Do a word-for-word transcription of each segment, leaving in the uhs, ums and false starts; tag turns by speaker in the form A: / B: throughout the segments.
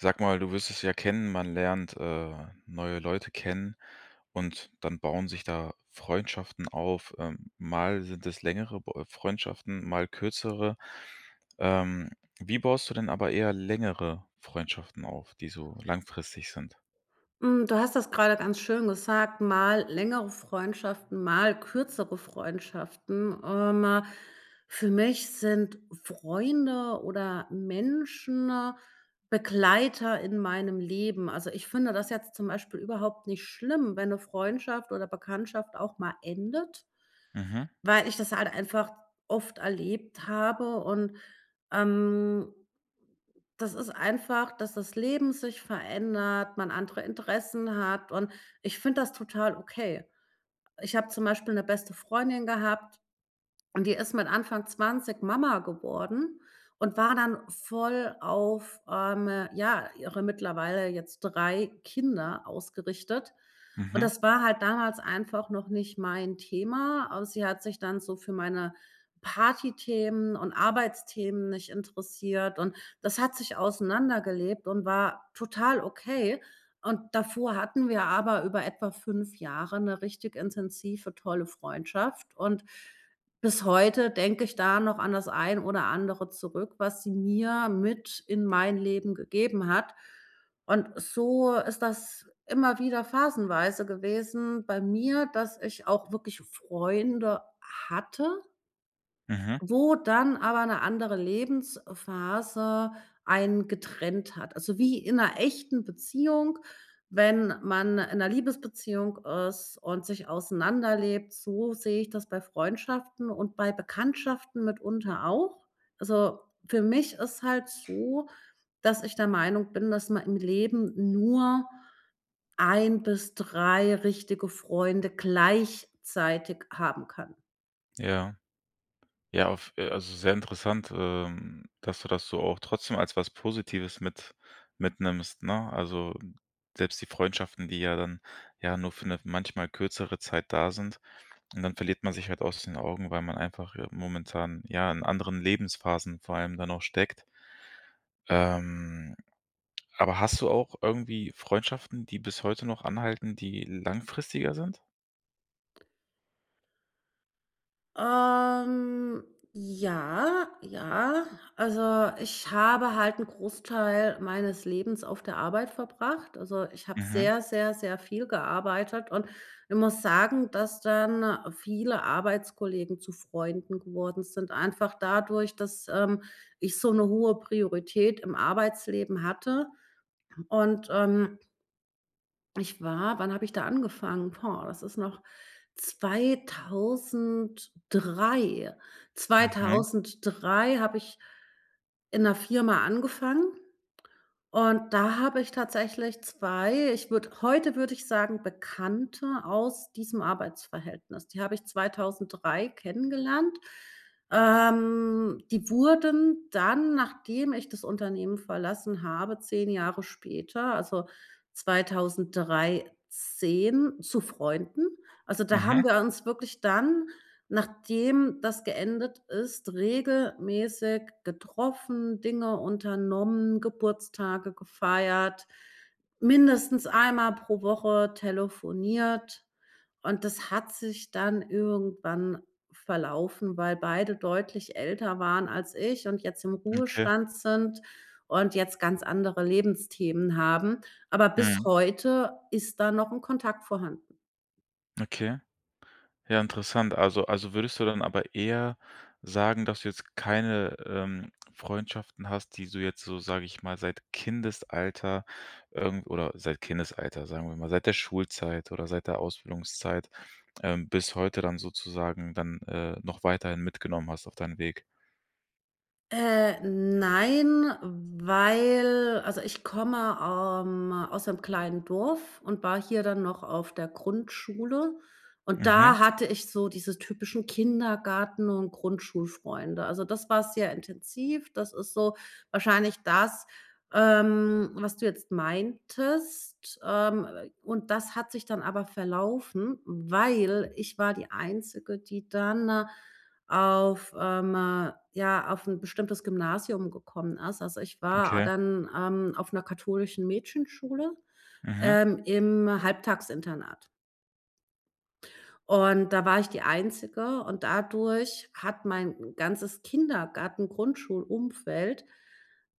A: Sag mal, du wirst es ja kennen, man lernt, äh, neue Leute kennen und dann bauen sich da Freundschaften auf. Ähm, mal sind es längere b Freundschaften, mal kürzere. Ähm, wie baust du denn aber eher längere Freundschaften auf, die so langfristig sind?
B: Hm, du hast das grade ganz schön gesagt, mal längere Freundschaften, mal kürzere Freundschaften. Ähm, für mich sind Freunde oder Menschen Begleiter in meinem Leben. Also, ich finde das jetzt zum Beispiel überhaupt nicht schlimm, wenn 'ne Freundschaft oder Bekanntschaft auch mal endet
A: Mhm.
B: weil ich das halt einfach oft erlebt habe. Und, ähm, das ist einfach, dass das Leben sich verändert, man andere Interessen hat und ich finde das total okay. Ich habe zum Beispiel 'ne beste Freundin gehabt und die ist mit Anfang zwanzig Mama geworden und war dann voll auf, ähm, ja, ihre mittlerweile jetzt drei Kinder ausgerichtet. Und
A: Mhm.
B: das war halt damals einfach noch nicht mein Thema. Aber sie hat sich dann so für meine Partythemen und Arbeitsthemen nicht interessiert und das hat sich auseinandergelebt und war total okay. Und davor hatten wir aber über etwa fünf Jahre 'ne richtig intensive, tolle Freundschaft und bis heute denke ich da noch an das ein oder andere zurück, was sie mir mit in mein Leben gegeben hat. Und so ist das immer wieder phasenweise gewesen bei mir, dass ich auch wirklich Freunde hatte
A: Mhm.
B: wo dann aber 'ne andere Lebensphase einen getrennt hat. Also, wie in 'ner echten Beziehung wenn man in 'ner Liebesbeziehung ist und sich auseinanderlebt, so sehe ich das bei Freundschaften und bei Bekanntschaften mitunter auch. Also, für mich ist halt so, dass ich der Meinung bin, dass man im Leben nur ein bis drei richtige Freunde gleichzeitig haben kann.
A: Ja. Ja, auf, äh also sehr interessant, ähm, dass du das so auch trotzdem als was Positives mit mitnimmst, ne? Also, selbst die Freundschaften, die ja dann, ja, nur für 'ne manchmal kürzere Zeit da sind und dann verliert man sich halt aus den Augen, weil man einfach ja momentan, ja, in anderen Lebensphasen vor allem dann auch steckt. Ähm, aber hast du auch irgendwie Freundschaften, die bis heute noch anhalten, die langfristiger sind?
B: Ähm, ja, ja. Also, ich habe halt 'n Großteil meines Lebens auf der Arbeit verbracht. Also, ich habe
A: Mhm.
B: sehr, sehr, sehr viel gearbeitet und ich muss sagen, dass dann viele Arbeitskollegen zu Freunden geworden sind, einfach dadurch, dass, ähm, ich so 'ne hohe Priorität im Arbeitsleben hatte. Und, ähm ich war wann habe ich da angefangen? Boah, das ist noch zweitausenddrei
A: Okay.
B: zweitausenddrei habe ich in 'ner Firma angefangen und da habe ich tatsächlich zwei, ich würde heute würde ich sagen, Bekannte aus diesem Arbeitsverhältnis. Die habe ich zweitausenddrei kennengelernt. Ähm, die wurden dann, nachdem ich das Unternehmen verlassen habe, zehn Jahre später, also zweitausenddreizehn zu Freunden. Also, da
A: Mhm.
B: haben wir uns wirklich dann, nachdem das geendet ist, regelmäßig getroffen, Dinge unternommen, Geburtstage gefeiert, mindestens einmal pro Woche telefoniert und das hat sich dann irgendwann verlaufen, weil beide deutlich älter waren als ich und jetzt im
A: Okay.
B: Ruhestand sind und jetzt ganz andere Lebensthemen haben, aber bis
A: Mhm.
B: heute ist da noch 'n Kontakt vorhanden.
A: Okay. Ja interessant. Also also, würdest du dann aber eher sagen, dass du jetzt keine, ähm, Freundschaften hast, die so jetzt so, sage ich mal, seit Kindesalter, ähm oder seit Kindesalter, sagen wir mal, seit der Schulzeit oder seit der Ausbildungszeit, ähm, bis heute dann sozusagen dann, äh, noch weiterhin mitgenommen hast auf deinen Weg?
B: Äh, nein, weil also, ich komme, ähm, aus 'nem kleinen Dorf und war hier dann noch auf der Grundschule, und
A: Mhm.
B: da hatte ich so diese typischen Kindergarten und Grundschulfreunde. Also, das war sehr intensiv. Das ist so wahrscheinlich das, ähm, was du jetzt meintest, ähm, w w und das hat sich dann aber verlaufen, weil ich war die Einzige, die dann auf, ähm, ja, auf 'n bestimmtes Gymnasium gekommen ist. Also, ich war
A: Okay.
B: dann, ähm, auf 'ner katholischen Mädchenschule,
A: Mhm.
B: ähm, im Halbtagsinternat. Und da war ich die Einzige und dadurch hat mein ganzes Kindergartengrundschulumfeld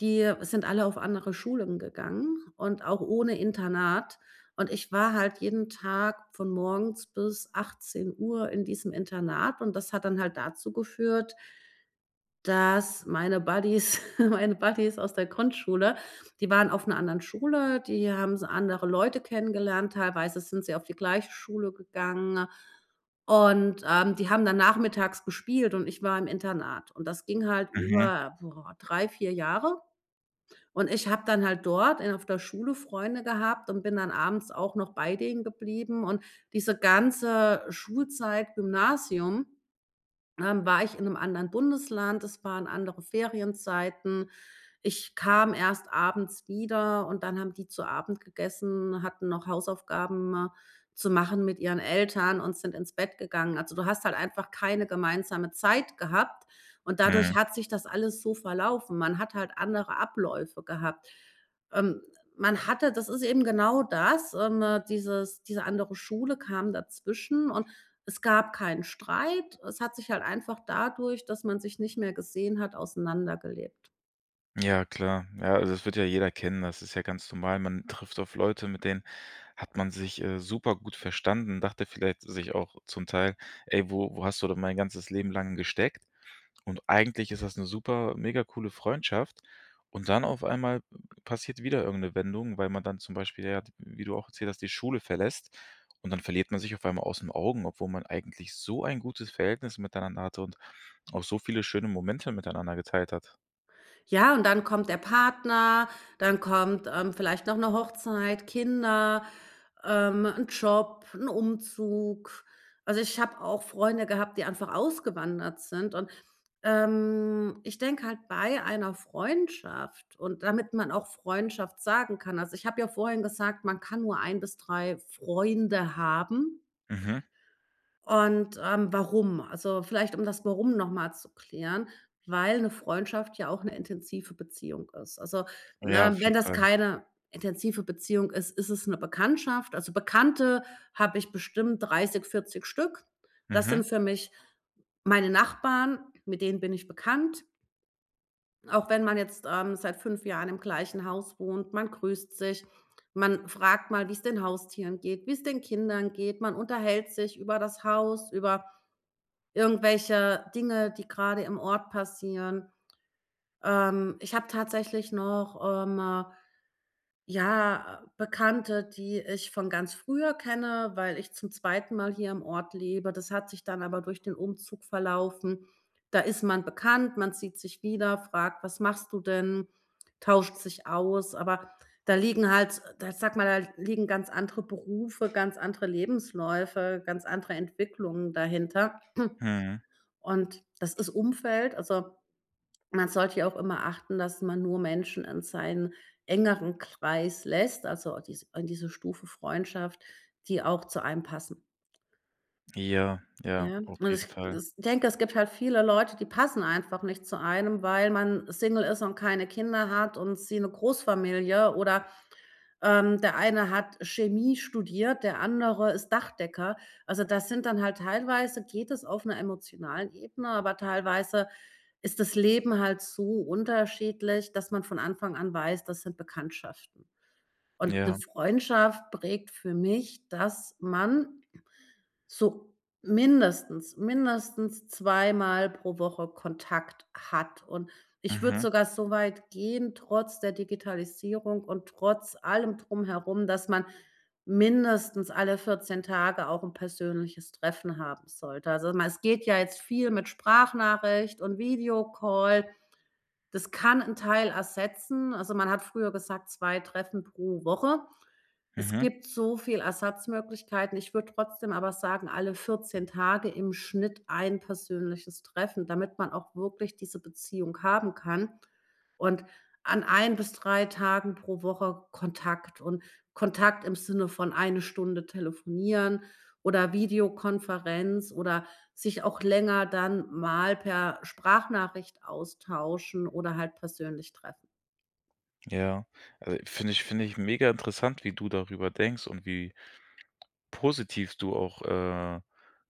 B: die sind alle auf andere Schulen gegangen und auch ohne Internat, und ich war halt jeden Tag von morgens bis achtzehn Uhr in diesem Internat und das hat dann halt dazu geführt dass meine Buddies meine Buddies aus der Grundschule, die waren auf 'ner anderen Schule, die haben s andere Leute kennengelernt, teilweise sind sie auf die gleiche Schule gegangen. Und, ähm, die haben dann nachmittags gespielt, und ich war im Internat, und das ging halt
A: Mhm.
B: über, boah, drei, vier Jahre. Und ich habe dann halt dort in auf der Schule Freunde gehabt und bin dann abends auch noch bei denen geblieben, und diese ganze Schulzeit, Gymnasium, ähm, war ich in 'nem anderen Bundesland. Es waren andere Ferienzeiten. Ich kam erst abends wieder, und dann haben die zu Abend gegessen, hatten noch Hausaufgaben zu machen mit ihren Eltern und sind ins Bett gegangen. Also, du hast halt einfach keine gemeinsame Zeit gehabt, und dadurch
A: Mhm.
B: hat sich das alles so verlaufen. Man hat halt andere Abläufe gehabt. Ähm, man hatte das ist eben genau das, ähm, dieses diese andere Schule kam dazwischen. Und es gab keinen Streit es hat sich halt einfach dadurch, dass man sich nicht mehr gesehen hat, auseinandergelebt.
A: Ja klar. Ja, also es wird ja jeder kennen. Das ist ja ganz normal. Man trifft auf Leute, mit denen hat man sich, äh, supergut verstanden, dachte vielleicht sich auch zum Teil: „Ey, wo wo hast du denn mein ganzes Leben lang gesteckt?" Und eigentlich ist das 'ne super mega coole Freundschaft. Und dann auf einmal passiert wieder irgendeine Wendung, weil man dann zum Beispiel, ja, d wie du auch erzählt hast, die Schule verlässt, und dann verliert man sich auf einmal aus 'n Augen, obwohl man eigentlich so ein gutes Verhältnis miteinander hatte und auch so viele schöne Momente miteinander geteilt hat.
B: Ja, und dann kommt der Partner, dann kommt, ähm, vielleicht noch 'ne Hochzeit, Kinder, ähm, 'n Job, 'n Umzug. Also, ich habe auch Freunde gehabt, die einfach ausgewandert sind und, ähm, ich denke halt bei einer Freundschaft und damit man auch Freundschaft sagen kann also, ich habe ja vorhin gesagt, man kann nur ein bis drei Freunde haben.
A: Mhm.
B: Und, ähm, warum? Also vielleicht um das Warum noch mal zu klären, weil 'ne Freundschaft ja auch 'ne intensive Beziehung ist. Also,
A: Ja,
B: ne,
A: auf
B: wenn
A: jeden
B: das
A: Fall.
B: keine intensive Beziehung ist, ist es 'ne Bekanntschaft. Also, Bekannte habe ich bestimmt dreißig, vierzig Stück. Das sind
A: Mhm.
B: für mich meine Nachbarn, mit denen bin ich bekannt. Auch wenn man jetzt, ähm, seit fünf Jahren im gleichen Haus wohnt, man grüßt sich, man fragt mal, wie's den Haustieren geht, wie's den Kindern geht. Man unterhält sich über das Haus, über irgendwelche Dinge, die grade im Ort passieren. Ähm, ich habe tatsächlich noch, ähm, ja, Bekannte, die ich von ganz früher kenne, weil ich zum zweiten Mal hier im Ort lebe. Das hat sich dann aber durch den Umzug verlaufen. Da ist man bekannt, man sieht sich wieder, fragt: „Was machst du denn?", tauscht sich aus. Aber da liegen halt da ich sage mal, da liegen ganz andere Berufe, ganz andere Lebensläufe, ganz andere Entwicklungen dahinter.
A: Mhm.
B: Und das ist Umfeld also man sollte ja auch immer achten, dass man nur Menschen in seinen engeren Kreis lässt also dies in diese Stufe Freundschaft, die auch zu einem passen.
A: Ja, ja,
B: Ja
A: auf
B: und
A: jeden
B: es
A: Fall.
B: ich denke, es gibt halt viele Leute, die passen einfach nicht zu einem, weil man Single ist und keine Kinder hat und sie 'ne Großfamilie oder, ähm, der eine hat Chemie studiert, der andere ist Dachdecker. Also, das sind dann halt teilweise geht es auf 'ner emotionalen Ebene, aber teilweise ist das Leben halt so unterschiedlich, dass man von Anfang an weiß, das sind Bekanntschaften. Und 'ne
A: Ja.
B: Freundschaft prägt für mich, dass man so mindestens, mindestens zwei Mal pro Woche Kontakt hat. Und ich würde
A: Mhm.
B: sogar so weit gehen trotz der Digitalisierung und trotz allem Drumherum, dass man mindestens alle vierzehn Tage auch 'n persönliches Treffen haben sollte. Also, mal es geht ja jetzt viel mit Sprachnachricht und Videocall. Das kann 'n Teil ersetzen. Also, man hat früher gesagt, zwei Treffen pro Woche. Es
A: Mhm.
B: gibt so viel Ersatzmöglichkeiten. Ich würde trotzdem aber sagen, alle vierzehn Tage im Schnitt ein persönliches Treffen. Damit man auch wirklich diese Beziehung haben kann und an ein bis drei Tagen pro Woche Kontakt. Und Kontakt im Sinne von eine Stunde telefonieren oder Videokonferenz oder sich auch länger dann mal per Sprachnachricht austauschen oder halt persönlich treffen.
A: Ja, also, finde finde ich megainteressant, wie du darüber denkst und wie positiv du auch, äh,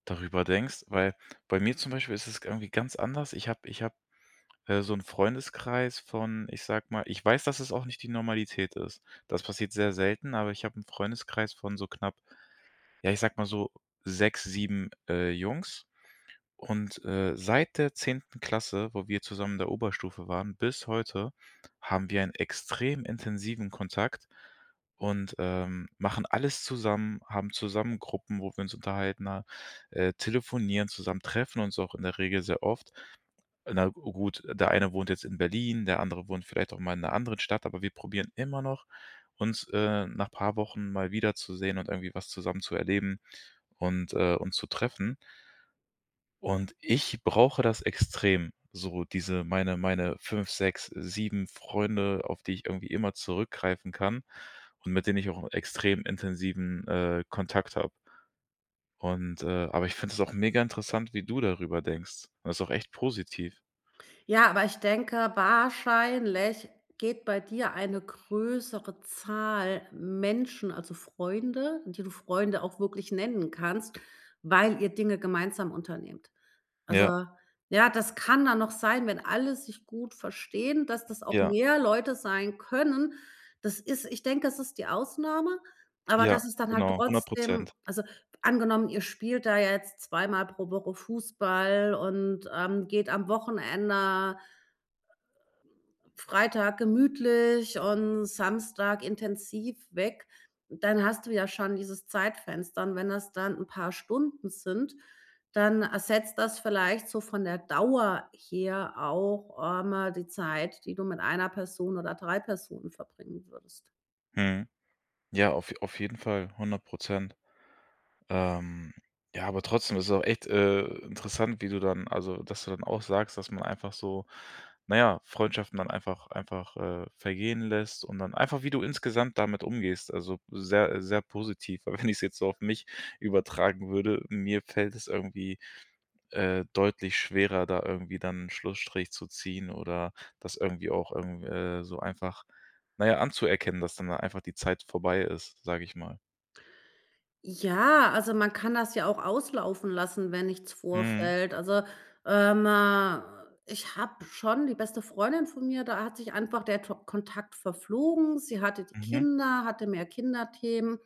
A: darüber denkst, weil bei mir zum Beispiel ist es irgendwie ganz anders. Ich habe ich habe, äh, so 'n Freundeskreis von, ich sage mal ich weiß, dass es auch nicht die Normalität ist. Das passiert sehr selten, aber ich hab 'n Freundeskreis von so knapp ja, ich sage mal so sechs, sieben, äh, Jungs. Und, äh, seit der zehnten Klasse, wo wir zusammen in der Oberstufe waren bis heute, haben wir einen extrem intensiven Kontakt und, ähm, machen alles zusammen, haben zusammen Gruppen, wo wir uns unterhalten, ne? Äh, telefonieren, zusammen treffen uns auch in der Regel sehr oft. Na gut, der eine wohnt jetzt in Berlin, der andere wohnt vielleicht auch mal in 'ner anderen Stadt, aber wir probieren immer noch, uns, äh, nach paar Wochen mal wiederzusehen und irgendwie was zusammen zu erleben und, äh, uns zu treffen. Und ich brauche das extrem, so diese meine meine fünf, sechs, sieben Freunde, auf die ich irgendwie immer zurückgreifen kann und mit denen ich auch 'n extrem intensiven, äh, Kontakt habe. Und, äh aber ich finde das auch mega interessant, wie du darüber denkst. Das ist auch echt positiv.
B: Ja, aber ich denke, wahrscheinlich geht bei dir eine größere Zahl Menschen, also Freunde, die du Freunde auch wirklich nennen kannst, weil ihr Dinge gemeinsam unternimmt. Also,
A: Ja.
B: ja, das kann dann noch sein, wenn alle sich gut verstehen, dass das auch
A: Ja.
B: mehr Leute sein können. Das ist ich denke, das ist die Ausnahme, aber
A: Ja,
B: das ist dann halt
A: genau, hundert
B: trotzdem
A: Prozent.
B: also, angenommen ihr spielt da jetzt zwei Mal pro Woche Fußball und, ähm, geht am Wochenende Freitag gemütlich und Samstag intensiv weg, dann hast du ja schon dieses Zeitfenster, und wenn das dann 'n paar Stunden sind, dann ersetzt das vielleicht so von der Dauer her auch einmal die Zeit, die du mit einer Person oder drei Personen verbringen würdest.
A: Mhm. Ja, auf je auf jeden Fall, hundert Prozent. Ähm, ja, aber trotzdem ist es auch echt, äh, interessant, wie du dann also, dass du dann auch sagst, dass man einfach so, na ja, Freundschaften dann einfach einfach, äh, vergehen lässt und dann einfach, wie du insgesamt damit umgehst, also, sehr, sehr positiv, weil wenn ich's jetzt so auf mich übertragen würde, mir fällt es irgendwie, äh, deutlich schwerer, da irgendwie dann 'n Schlussstrich zu ziehen oder das irgendwie auch irgendw äh, so einfach, na ja, anzuerkennen, dass dann da einfach die Zeit vorbei ist, sage ich mal.
B: Ja, also, man kann das ja auch auslaufen lassen, wenn nichts
A: Mhm.
B: vorfällt. Also, ähm, ich habe schon die beste Freundin von mir, da hat sich einfach der To Kontakt verflogen. Sie hatte die
A: Mhm.
B: Kinder, hatte mehr Kinderthemen,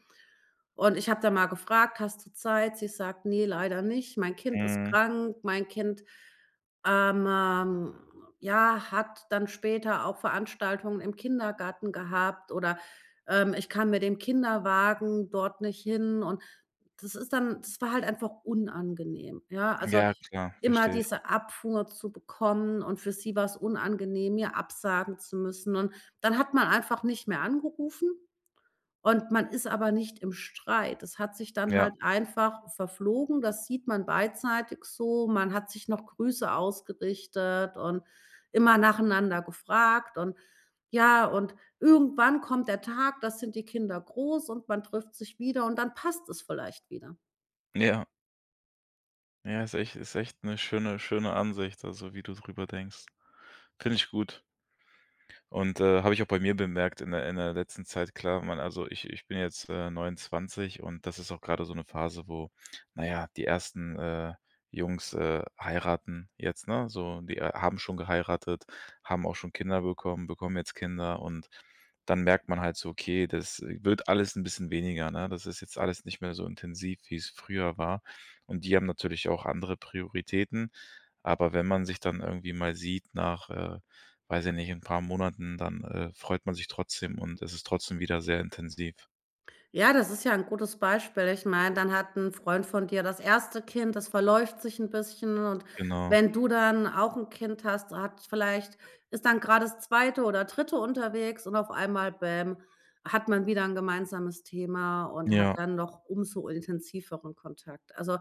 B: und ich habe da mal gefragt: „Hast du Zeit?“ Sie sagt: „Ne, leider nicht. Mein Kind ist
A: Mhm.
B: krank. Mein Kind, ähm, ja, hat dann später auch Veranstaltungen im Kindergarten gehabt." Oder, ähm: „Ich kann mit dem Kinderwagen dort nicht hin." Und das ist dann das war halt einfach unangenehm, ja? Also,
A: Ja, klar,
B: immer
A: verstehe ich.
B: diese Abfuhr zu bekommen, und für sie war's unangenehm, mir absagen zu müssen. Und dann hat man einfach nicht mehr angerufen, und man ist aber nicht im Streit. Es hat sich dann
A: Ja.
B: halt einfach verflogen, das sieht man beidseitig so. Man hat sich noch Grüße ausgerichtet und immer nacheinander gefragt und ja, und irgendwann kommt der Tag, da sind die Kinder groß und man trifft sich wieder, und dann passt es vielleicht wieder.
A: Ja. Ja, ist echt ist echt 'ne schöne schöne Ansicht, also, wie du drüber denkst. Finde ich gut. Und, äh, habe ich auch bei mir bemerkt in der in der letzten Zeit, klar, man also ich ich bin jetzt, äh, neunundzwanzig und das ist auch grade so 'ne Phase, wo na ja, die ersten, äh, Jungs, äh, heiraten jetzt, ne, so die, äh, haben schon geheiratet, haben auch schon Kinder bekommen, bekommen jetzt Kinder und dann merkt man halt so, okay, das wird alles 'n bisschen weniger, ne? Das ist jetzt alles nicht mehr so intensiv, wie's früher war. Und die haben natürlich auch andere Prioritäten. Aber wenn man sich dann irgendwie mal sieht nach, äh, weiß ich nicht, 'n paar Monaten, dann, äh, freut man sich trotzdem, und es ist trotzdem wieder sehr intensiv.
B: Ja das ist ja 'n gutes Beispiel ich meine dann hat 'n Freund von dir das erste Kind das verläuft sich 'n bisschen und
A: Genau.
B: wenn du dann auch 'n Kind hast hat vielleicht ist dann grade das zweite oder dritte dritte unterwegs und auf einmal, bäm, hat man wieder 'n gemeinsames Thema und hat
A: Ja.
B: dann noch umso intensiveren Kontakt. Also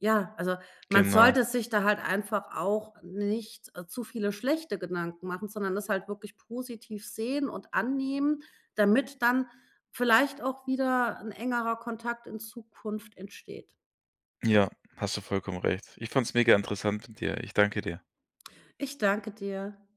B: ja, also man
A: Genau.
B: sollte sich da halt einfach auch nicht zu viele schlechte Gedanken machen, sondern das halt wirklich positiv sehen und annehmen, damit dann vielleicht auch wieder 'n engerer Kontakt in Zukunft entsteht.
A: Ja, hast du vollkommen recht. Ich fand's mega interessant mit dir. Ich danke dir.
B: Ich danke dir.